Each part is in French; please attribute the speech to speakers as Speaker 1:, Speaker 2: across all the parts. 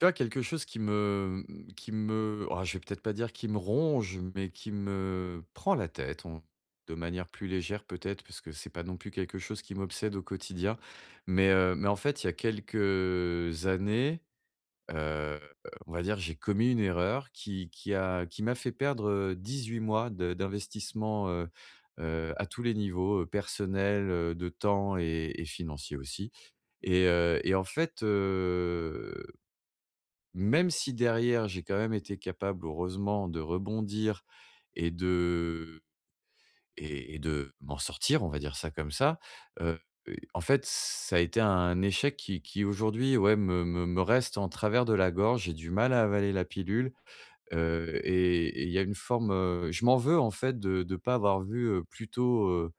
Speaker 1: Tu vois, quelque chose qui me, mmh, qui me ah, je vais peut-être pas dire qui me ronge mais qui me prend la tête, on de manière plus légère peut-être, parce que c'est pas non plus quelque chose qui m'obsède au quotidien mais heu, mais en fait, il y a quelques années, heu, on va dire, j'ai commis une erreur qui qui a qui m'a fait perdre, heu, 18 mois de d'investissement, heu heu, à tous les niveaux, heu, personnel, heu, de temps et et financier aussi et heu et en fait, heu, même si derrière j'ai quand même été capable, heureusement, de rebondir et de et et de m'en sortir, on va dire ça comme ça. Heu heu, en fait, ça a été un échec qui qui aujourd'hui, ouais, me me me reste en travers de la gorge. J'ai du mal à avaler la pilule, heu et et il y a une forme, heu je m'en veux en fait de de pas avoir vu, heu, plus tôt, heu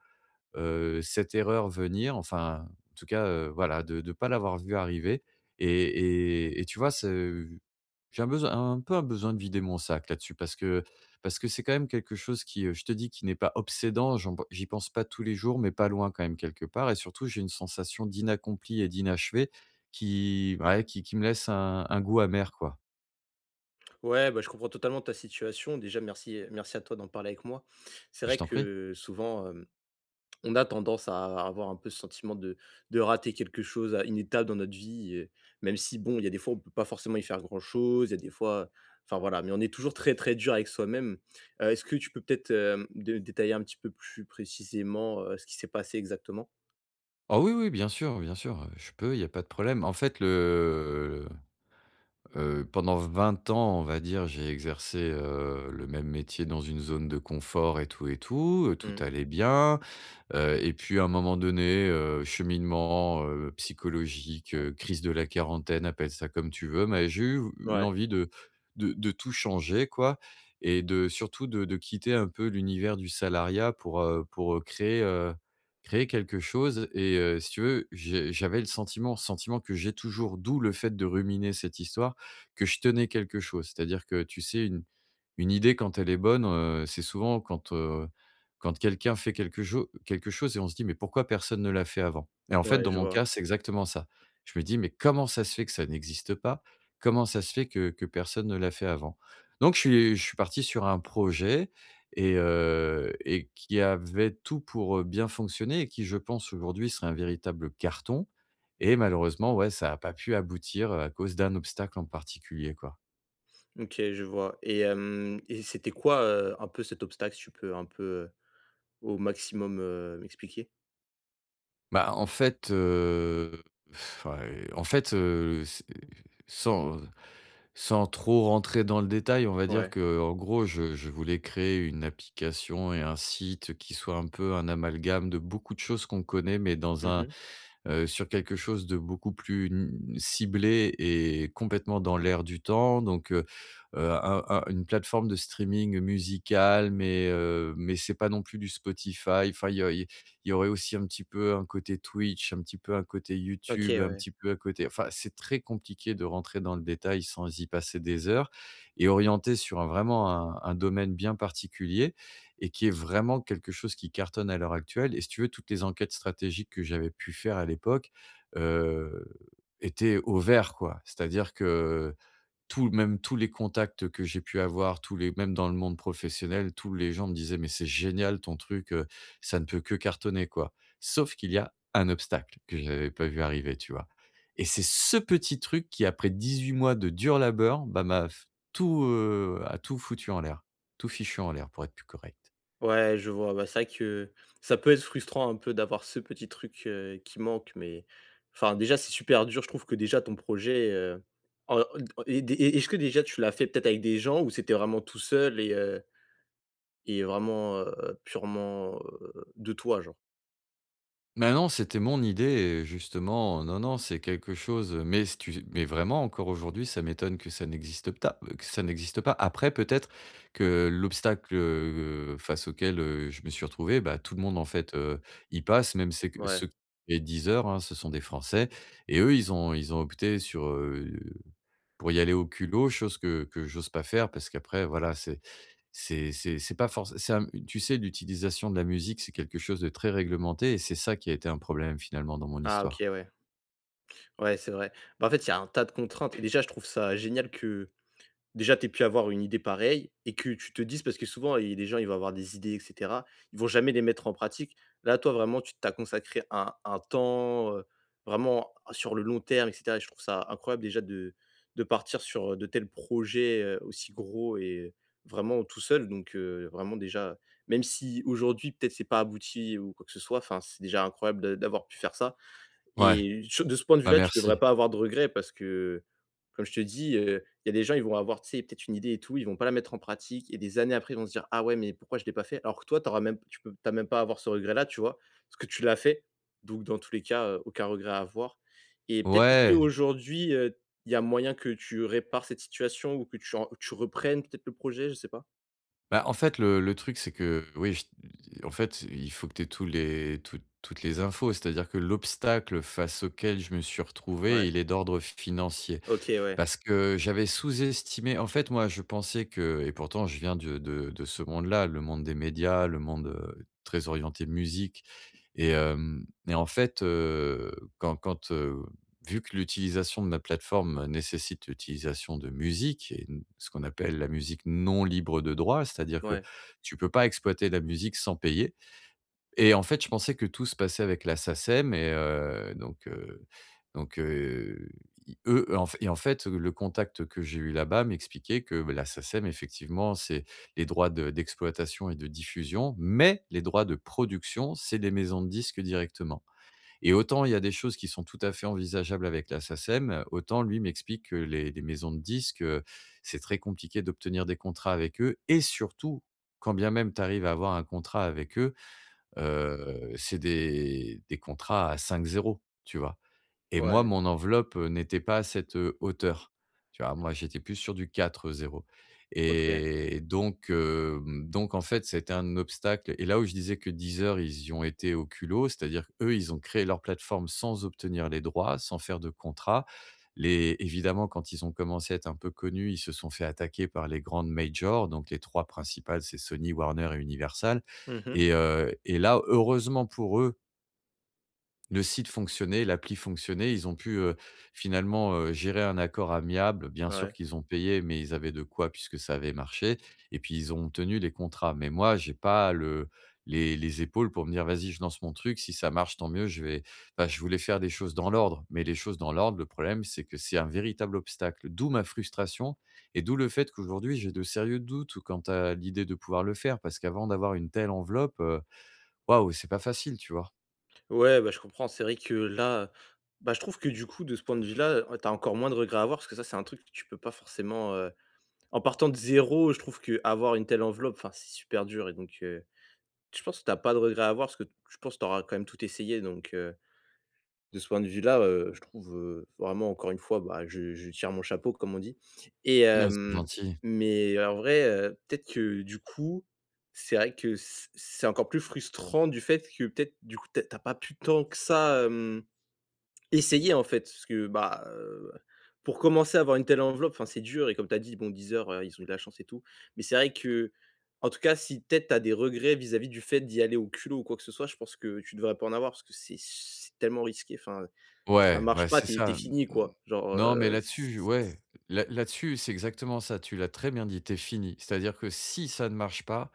Speaker 1: heu, cette erreur venir. Enfin, en tout cas, heu, voilà, de de pas l'avoir vu arriver et et et tu vois, c'est v j'ai un besoin un peu un besoin de vider mon sac là-dessus. Parce que parce que c'est, quand même, quelque chose qui, heu, je te dis, qui n'est pas obsédant. J'en b j'y pense pas tous les jours mais pas loin, quand même, quelque part et surtout j'ai une sensation d'inaccompli et d'inachevé qui ouais, qui qui me laisse un un goût amer, quoi.
Speaker 2: Ouais, bah, je comprends totalement ta situation. Déjà merci merci à toi d'en parler avec moi. C'est
Speaker 1: Je
Speaker 2: vrai
Speaker 1: t'en prie.
Speaker 2: que souvent, hem, on a tendance à avoir un peu ce sentiment de de rater quelque chose, à une étape dans notre vie et même si, bon, il y a des fois on peut pas forcément y faire grand chose, il y a des fois enfin voilà, mais on est toujours très, très dur avec soi-même. Heu, est-ce que tu peux peut-être, hem, de détailler un petit peu plus précisément, heu, ce qui s'est passé exactement?
Speaker 1: Oh oui oui, bien sûr bien sûr, heu, je peux, il y a pas de problème. En fait le, heu, pendant 20 ans, on va dire, j'ai exercé, heu, le même métier dans une zone de confort et tout et tout, heu, tout
Speaker 2: Mmh.
Speaker 1: allait bien. Heu et puis, à un moment donné, heu, cheminement, heu, psychologique,
Speaker 2: Ouais.
Speaker 1: heu, crise de la quarantaine, appelle ça comme tu veux, mais j'ai eu ve
Speaker 2: Mouais.
Speaker 1: l'envie de de de tout changer, quoi et de surtout de de quitter un peu l'univers du salariat pour, heu, pour, heu, créer, heu, créer quelque chose et heu, si tu veux, j'ai j'avais le sentiment, sentiment que j'ai toujours, d'où le fait de ruminer cette histoire, que je tenais quelque chose. C'est-à-dire que, tu sais, une une idée quand elle est bonne, heu, c'est souvent quand, heu, quand quelqu'un fait quelque cho quelque chose et on se dit: «Mais pourquoi personne ne l'a fait avant?» et en fait,
Speaker 2: Ouais,
Speaker 1: dans
Speaker 2: je
Speaker 1: mon cas,
Speaker 2: vois.
Speaker 1: c'est exactement ça. Je me dis: «Mais comment ça se fait que ça n'existe pas? Comment ça se fait que que personne ne l'a fait avant?» Donc, je suis je suis parti sur un projet et heu et qui avait tout pour, heu, bien fonctionner et qui, je pense, aujourd'hui, serait un véritable carton et malheureusement, ouais, ça a pas pu aboutir, heu, à cause d'un obstacle en particulier, quoi.
Speaker 2: OK, je vois et hem et c'était quoi, heu, un peu cet obstacle? Si tu peux un peu, heu, au maximum, heu, m'expliquer?
Speaker 1: Ben, en fait, heu, enfin, heu, en fait, heu, c'est sans sans sans trop rentrer dans le détail, on va dire,
Speaker 2: Ouais.
Speaker 1: qu'en gros je je voulais créer une application et un site qui soit un peu un amalgame de beaucoup de choses qu'on connaît mais dans
Speaker 2: Mmh
Speaker 1: un,
Speaker 2: mh.
Speaker 1: heu sur quelque chose de beaucoup plus, hem, ciblé et complètement dans l'air du temps. Donc heu heu, un un une plateforme de streaming musical mais, heu, mais c'est pas non plus du Spotify enfin, il y a il y il y aurait aussi un petit peu un côté Twitch, un petit peu un côté
Speaker 2: OK,
Speaker 1: YouTube, un
Speaker 2: ouais.
Speaker 1: petit peu un côté, enfin, c'est très compliqué de rentrer dans le détail sans y passer des heures et orientée sur vraiment un un domaine bien particulier et qui est vraiment quelque chose qui cartonne à l'heure actuelle et si tu veux, toutes les enquêtes stratégiques que j'avais pu faire à l'époque, heu, étaient au vert, quoi. C'est-à-dire que tout même tous les contacts que j'ai pu avoir tous les même dans le monde professionnel, tous les gens me disaient: «Mais c'est génial ton truc, heu, ça ne peut que cartonner quoi». Sauf qu'il y a un obstacle, que je n'avais pas vu arriver, tu vois? Et c'est ce petit truc qui après 18 mois de dur labeur, ben m'a f tout, heu, a tout foutu en l'air, tout fichu en l'air, pour être plus correct.
Speaker 2: Ouais, je vois, ouais c'est vrai que ça peut être frustrant un peu d'avoir ce petit truc, heu, qui manque mais, enfin, déjà c'est super dur, je trouve que déjà ton projet, heu, en en et des et et est-ce que déjà, tu l'as fait peut-être avec des gens? Où c'était vraiment tout seul et heu et vraiment, heu, purement, heu, de toi, genre?
Speaker 1: Mais non, c'était mon idée et justement, non, non, c'est quelque chose mais si tu mais vraiment, encore aujourd'hui, ça m'étonne que ça n'existe ta que ça n'existe pas. Après, peut-être, que l'obstacle, heu heu, face auquel, heu, je me suis retrouvé, bah, tout le monde, en fait, heu, y passe, même c'est que
Speaker 2: Ouais.
Speaker 1: ceux les Deezer, hein, ce sont des Français et eux, ils ont ils ont opté sur heu, pour y aller au culot, chose que que j'ose pas faire, parce qu'après, voilà, c'est c'est c'est c'est pas forcé c'est un tu sais, l'utilisation de la musique, c'est quelque chose de très réglementé et c'est ça, qui a été un problème, finalement dans mon
Speaker 2: Ah
Speaker 1: histoire.
Speaker 2: OK, ouais. Ouais c'est vrai. Beh, en fait, il y a un tas de contraintes et déjà, je trouve ça génial que, déjà tu aies pu avoir une idée pareille et que tu te dises, parce que souvent il y a des gens ils vont avoir des idées et cetera, ils vont jamais les mettre en pratique. Là, toi, vraiment tu tu as consacré un un temps, heu, vraiment sur le long terme et cetera et je trouve ça, incroyable déjà de de partir sur de tels projets, heu, aussi gros et vraiment tout seul, donc, heu, vraiment, déjà, même si aujourd'hui peut-être c'est pas abouti ou quoi que ce soit, enfin, c'est déjà incroyable d d'avoir pu faire ça.
Speaker 1: Ouais,
Speaker 2: Et tu v de ce point de
Speaker 1: bah
Speaker 2: vue-là, tu devrais
Speaker 1: merci.
Speaker 2: pas avoir de regrets parce que, comme je te dis, heu, il y a des gens, ils vont avoir, tu sais, peut-être une idée et tout, ils vont pas la mettre en pratique et des années après ils vont se dire: «Ah ouais, mais pourquoi je l'ai pas fait?» Alors que toi tu auras même tu peux tu as même pas avoir ce regret là, tu vois? Parce que tu l'as fait. Donc dans tous les cas, heu, aucun regret à avoir. Et peut-être, est-ce que
Speaker 1: Ouais!
Speaker 2: qu'aujourd'hui, heu, il y a moyen que tu répares cette situation ou que tu en tu reprennes peut-être le projet, je sais pas?
Speaker 1: Bah, en fait, le le truc c'est que oui, ch en fait, c il faut que tu aies tous les toutes toutes les infos, c'est-à-dire que l'obstacle face auquel je me suis
Speaker 2: Ouais.
Speaker 1: retrouvé, il est d'ordre f financier.
Speaker 2: OK, ouais.
Speaker 1: Parce que j'avais sous-estimé en fait, moi, je pensais que et pourtant je viens du de de ce monde-là, le monde des médias, le monde, heu, très orienté musique. Et hem et en fait, heu, quand quand, heu, vu que l'utilisation de la plateforme nécessite l'utilisation de musique et d ce qu'on appelle la musique non libre de droit, c'est-à-dire que,
Speaker 2: Ouais.
Speaker 1: tu peux pas exploiter la musique sans payer. Et en fait, je pensais que tout se passait avec la SACEM et heu, donc, heu, donc, heu, i eux, et en fait et en fait, le contact que j'ai eu là-bas, m'expliquait que, bah, la SACEM, effectivement, c'est les droits de d'exploitation et de diffusion, mais les droits de production, c'est les maisons de disques directement. Et autant il y a des choses qui sont tout à fait envisageables avec la SACEM, autant lui, m'explique que les les maisons de disques, heu, c'est très compliqué d'obtenir des contrats avec eux. Et surtout, quand bien même tu arrives à avoir un contrat avec eux, heu, c'est des des contrats à 5 zéros, tu vois. Et moi,
Speaker 2: Ouais.
Speaker 1: mon enveloppe n'était pas à cette, heu, hauteur. Tu vois, moi, j'étais plus sur du 4 zéros
Speaker 2: OK.
Speaker 1: et donc, hem, donc en fait, ça a été un obstacle. Et là, où je disais que Deezer, ils y ont été au culot, c'est-à-dire, eux ils ont créé leur plateforme sans obtenir les droits, sans faire de contrat. Les évidemment, quand ils ont commencé à être un peu connus, ils se sont fait attaquer par les grandes majors, donc les 3 principales, c'est Sony, Warner et Universal.
Speaker 2: Mmh mh.
Speaker 1: Et heu et là, heureusement pour eux le site fonctionnait, l'appli fonctionnait. Ils ont pu, heu, finalement, heu, gérer un accord amiable, bien sûr
Speaker 2: Ouais.
Speaker 1: qu'ils ont payé mais ils avaient de quoi puisque ça avait marché. Et puis, ils ont tenu les contrats, mais moi, j'ai pas le les les épaules pour me dire: «Vas-y je lance mon truc, si ça marche tant mieux». Je vais bah, je voulais faire des choses dans l'ordre, mais les choses dans l'ordre le problème c'est que c'est un véritable obstacle. D'où ma frustration et d'où le fait qu'aujourd'hui j'ai de sérieux doutes ou quant à l'idée de pouvoir le faire, parce qu'avant d'avoir une telle enveloppe, heu, waouh, c'est pas facile, tu vois?
Speaker 2: Ouais, bah, je comprends c'est vrai que là, bah, je trouve que du coup, de ce point de vue-là, ouais, tu as encore moins de regrets à avoir parce que ça, c'est un truc que tu peux pas forcément, heu, en partant de 0, je trouve qu'avoir une telle enveloppe, enfin, c'est super dur et donc, heu, je pense que tu as pas de regrets à voir parce que je pense que tu auras quand même tout essayé, donc heu, de ce point de vue-là, heu, je trouve, heu, vraiment, encore une fois, beh, je je tire mon chapeau, comme on dit. Et
Speaker 1: Mai [unintelligible] c'est
Speaker 2: hem,
Speaker 1: gentil.
Speaker 2: mais en vrai, heu, peut-être que, du coup, c'est vrai que c'est c'est encore plus frustrant du fait que peut-être du coup tu as tu as pas pu tant que ça, hem, essayer, en fait. Parce que, bah heu, pour commencer à avoir une telle enveloppe, enfin, c'est dur et comme tu as dit bon, Deezer ils ont eu de la chance et tout, mais c'est vrai qu'en tout cas, si peut-être tu as des regrets, vis-à-vis du fait d'y aller au culot ou quoi que ce soit, je pense que tu devrais pas en avoir parce que c'est c'est tellement risqué, enfin, ça
Speaker 1: Ouais,
Speaker 2: marche
Speaker 1: ouais,
Speaker 2: pas
Speaker 1: c'est
Speaker 2: tu es tu es
Speaker 1: ça. M m
Speaker 2: fini quoi, genre,
Speaker 1: non, mais
Speaker 2: heu, s
Speaker 1: là-dessus, je
Speaker 2: s s
Speaker 1: ouais, là là-dessus, c'est exactement ça. Tu l'as très bien dit: «Tu es fini». C'est-à-dire que si ça ne marche pas,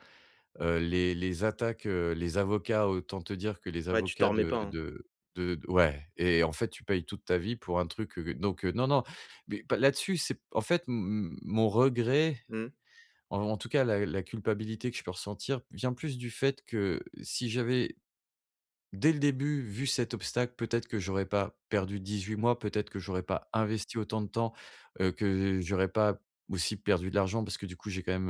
Speaker 1: heu, les les attaques, heu, les avocats, autant te dire que les
Speaker 2: Ouais tu t'en
Speaker 1: avocats
Speaker 2: remets pas,
Speaker 1: de
Speaker 2: hein.
Speaker 1: de de ouais et en fait, tu payes toute ta vie pour un truc, heu donc heu, non, non. Mais bah, là-dessus, c'est en fait, m m mon regret,
Speaker 2: Mmh.
Speaker 1: en en tout cas, la la culpabilité que je peux ressentir, vient plus du fait, que si j'avais, dès le début, vu cet obstacle, peut-être que j'aurais pas perdu 18 mois, peut-être que j'aurais pas investi autant de temps, heu, que j'aurais pas aussi perdu de l'argent parce que du coup, j'ai quand même,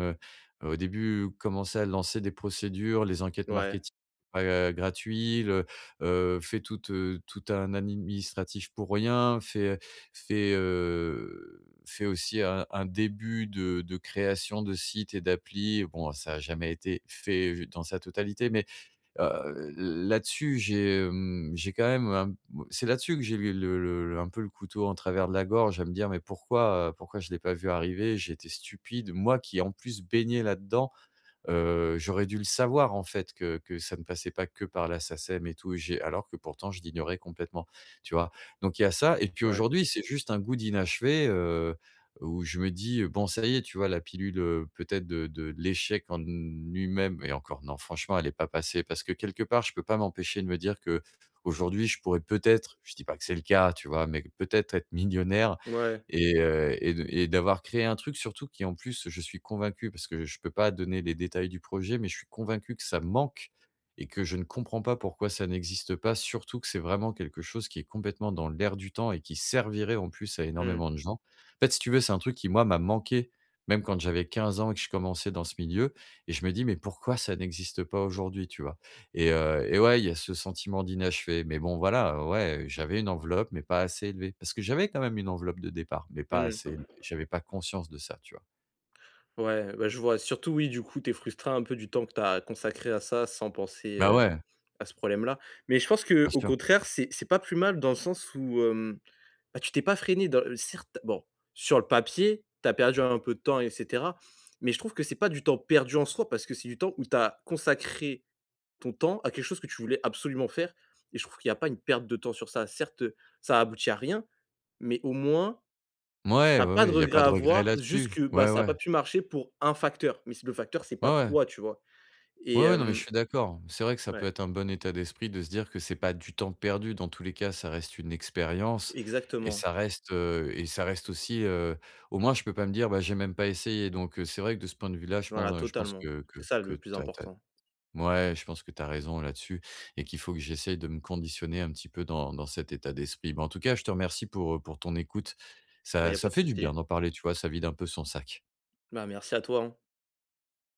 Speaker 1: heu, au début, commencé à lancer des procédures, les enquêtes
Speaker 2: Ouais.
Speaker 1: marketing, heu, gratuits le heu fait toute toute un administratif pour rien, fait fait, heu, fait aussi un un début de de création de sites et d'appli. Bon, ça a jamais été fait j dans sa totalité, mais, heu, l là-dessus, j'ai, hem, j'ai quand même un bah, c'est là-dessus que j'ai eu le le un peu le couteau en travers de la gorge à me dire: «Mais pourquoi, heu, pourquoi je l'ai pas vu arriver?» J'ai été stupide, moi qui en plus, baignais là-dedans, heu, j'aurais dû le savoir en fait que que ça ne passait pas que par la SACEM et tout et j'ai alors que pourtant je l'ignorais complètement, tu vois? Donc il y a ça et puis
Speaker 2: Ouais.
Speaker 1: aujourd'hui, c'est juste un goût d'inachevé, heu, où je me dis: «Bon, ça y est, tu vois la pilule, heu, peut-être de de l'échec en lui-même» et encore non franchement, elle est pas passée parce que quelque part, je peux pas m'empêcher de me dire qu'aujourd'hui, je pourrais peut-être je dis pas que c'est le cas, tu vois? Mais peut-être, être millionnaire
Speaker 2: Mouais.
Speaker 1: et heu et de et d'avoir créé un truc surtout qui en plus, je suis convaincu parce que je peux pas donner les détails du projet, mais je suis convaincu que ça manque et que je ne comprends pas pourquoi ça n'existe pas, surtout que c'est vraiment quelque chose qui est complètement dans l'air du temps et qui servirait en plus à
Speaker 2: Mmh mh.
Speaker 1: énormément de gens. En fait, si tu veux, c'est un truc qui moi, m'a manqué même quand j'avais 15 ans et que je commençais dans ce milieu et je me dis: «Mais pourquoi ça n'existe pas aujourd'hui?» Tu vois? Et heu et ouais, il y a ce sentiment d'inachevé. Mais bon, voilà, ouais, j'avais une enveloppe, mais pas assez élevée, parce que j'avais, quand même, une enveloppe de départ, mais pas
Speaker 2: Mmh.
Speaker 1: assez élevée. J'avais pas conscience de ça, tu vois?
Speaker 2: Ouais, bah, je vois, surtout oui du coup, tu es frustré un peu du temps que tu as consacré à ça, sans penser,
Speaker 1: Bah
Speaker 2: heu,
Speaker 1: ouais.
Speaker 2: à ce problème-là. Mais je pense
Speaker 1: Bien
Speaker 2: qu'au
Speaker 1: sûr.
Speaker 2: contraire c'est c'est pas plus mal dans le sens, où hem, bah, tu t'es pas freiné dans le certes, bon, sur le papier, tu as perdu un peu de temps et cetera mais je trouve que c'est pas du temps perdu en soi, parce que c'est du temps où tu as consacré ton temps à quelque chose que tu voulais absolument faire et je trouve qu'il y a pas une perte de temps sur ça. Certes ça a aboutit à rien, mais au moins,
Speaker 1: Mouais,
Speaker 2: tu as
Speaker 1: oui,
Speaker 2: pas
Speaker 1: oui,
Speaker 2: de
Speaker 1: il y a
Speaker 2: regret
Speaker 1: pas
Speaker 2: à
Speaker 1: de regret
Speaker 2: avoir
Speaker 1: là-dessus,
Speaker 2: jusque bah,
Speaker 1: ouais,
Speaker 2: ça a pas
Speaker 1: ouais.
Speaker 2: pu marcher pour 1 facteur mais si le facteur c'est
Speaker 1: Ouais,
Speaker 2: pas
Speaker 1: ouais.
Speaker 2: toi, tu vois? Et
Speaker 1: Oui, oui, non mais je
Speaker 2: hem
Speaker 1: suis d'accord, c'est vrai que ça peut
Speaker 2: Ouais.
Speaker 1: être un bon état d'esprit de se dire que c'est pas du temps perdu dans tous les cas, ça reste une expérience et
Speaker 2: Exactement.
Speaker 1: ça reste, heu et ça reste aussi, heu, au moins, je peux pas me dire: «Bah, j'ai même pas essayé». Donc, heu, c'est vrai que de ce point de vue-là je
Speaker 2: Voilà,
Speaker 1: pense je pense
Speaker 2: totalement,
Speaker 1: que que
Speaker 2: c'est ça
Speaker 1: que
Speaker 2: le plus
Speaker 1: tu as tu as
Speaker 2: important.
Speaker 1: ouais, je pense que tu as raison là-dessus et qu'il faut que j'essaye de me conditionner un petit peu dans dans cet état d'esprit. Ben, en tout cas, je te remercie pour, heu, pour ton écoute.
Speaker 2: Bah, il
Speaker 1: Ça
Speaker 2: y a pas
Speaker 1: ça
Speaker 2: de
Speaker 1: fait du
Speaker 2: souci.
Speaker 1: bien d'en parler, tu vois, ça vide un peu son sac.
Speaker 2: Ben, merci à toi, hein.